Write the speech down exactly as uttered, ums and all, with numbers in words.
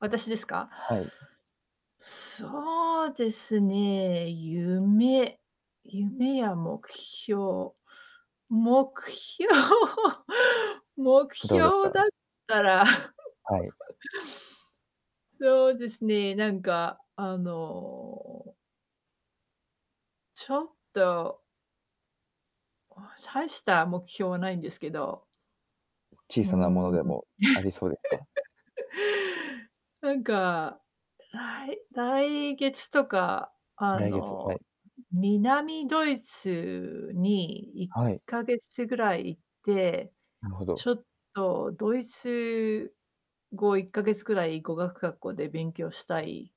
私ですか？はい。そうですね、夢夢や目標目標目どうです標だっか？たら。はい。そうですね、なんか、あのちょっと大した目標はないんですけど。小うさなものーん。でも、ありそうですか？なんか、らい来月とかあ来月、はの、い。南ドイツにいっはい。かげつぐらい行って、なるほど。ちょっとドイツ語いっかげつくらい語学学校で勉強したい。